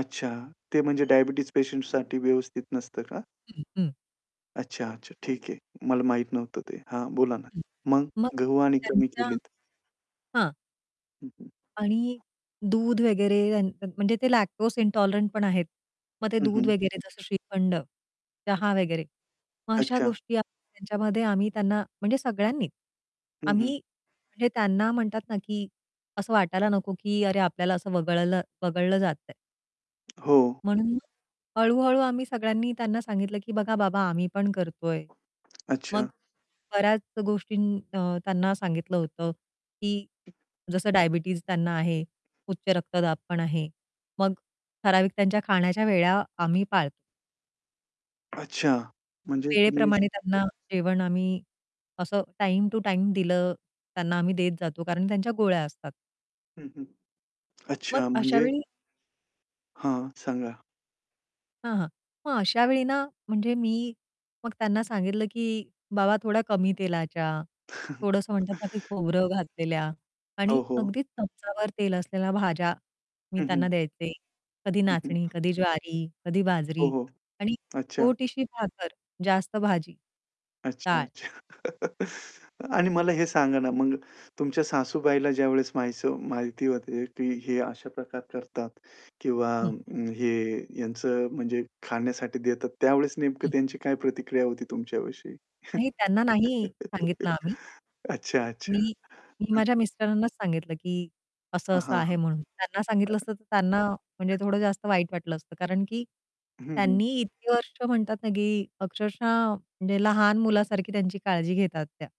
अच्छा, ते म्हणजे डायबिटीज पेशंटसाठी व्यवस्थित नसतं का? [unintelligible] अच्छा, अच्छा. ठीक आहे. मला माहीत नव्हतं ते. हां, बोला ना. [unintelligible] मग मग गहू आणि कमी त्यांच्या केलेत. हां. हं, हं. आणि दूध वगैरे त्यानं त्या म्हणजे ते लॅक्टोज इंटॉलरंटपण आहेत. मग ते हं, दूध हं. वगैरे, जसं श्रीखंड, चहा वगैरे. मग अशा अच्छा. गोष्टी आम्ही त्यांच्यामध्ये आम्ही त्यांना, म्हणजे सगळ्यांनीच हं, हं. आम्ही म्हणजे त्यांना म्हणतात ना, की असं वाटायला नको की, "अरे, आपल्याला असं वगळलं वगळलं जातंय." हो. म्हणून मग हळू-हळू आम्ही सगळ्यांनी त्यांना सांगितलं की, "बघा बाबा, आम्ही पण करतोय." मग अच्छा. बऱ्याच गोष्टी अ, त्यांना सांगितलं होतं की जसं डायबिटीज त्यांना आहे, उच्च रक्तदाबपण आहे. मग ठराविक त्यांच्या खाण्याच्या वेळा आम्ही पाळतो. अच्छा, म्हणजे तुम्ही वेळेप्रमाणे त्यांना जेवण आम्ही, असं टाईम-टु-टाईम दिलं, त्यांना आम्ही देत जातो. कारण की त्यांच्या गोळ्या असतात. हं, हं. मग अच्छा अशा म्हणजे वेळी हां, सांगा. हां, हां. मग अशावेळी ना, म्हणजे मी मग त्यांना सांगितलं की, "बाबा, थोड्या कमी तेलाच्या, थोडंसं म्हणतात ना ते, खोबरं घातलेल्या आणि ओ, हो. अगदीच चमचाभर तेल असलेल्या भाज्या मी हं, हं. त्यांना द्यायचे. कधी हं, हं. नाचणी, कधी ज्वारी, कधी हो, बाजरी हो, आणि अच्छा. छोटीशी भाकर, जास्त भाजी. अच्छा, काय" अच्छा. आणि मला हे सांगा ना, मग तुमच्या सासूबाईला ज्यावेळेस माहीसव माहिती होते की हे अशा प्रकार करतात किंवा हं. अ, हे यांचं म्हणजे खाण्यासाठी देतात, त्यावेळेस नेमकं हं. त्यांची काय प्रतिक्रिया होती तुमच्याविषयी? नाही, त्यांना नाही सांगितलं आम्ही. अच्छा, अच्छा. मी मी हं. माझ्या मिस्टरांनाच सांगितलं की, हां, "असं-असं हां, आहे." म्हणून त्यांना सांगितलं असतं, तर त्यांना म्हणजे [unintelligible] थोडं जास्त वाईट वाटलं असतं. कारण की हं, हं. त्यांनी इतकी वर्ष म्हणतात ना, की अक्षरशः म्हणजे लहान मुलासारखी त्यांची काळजी घेतात त्या.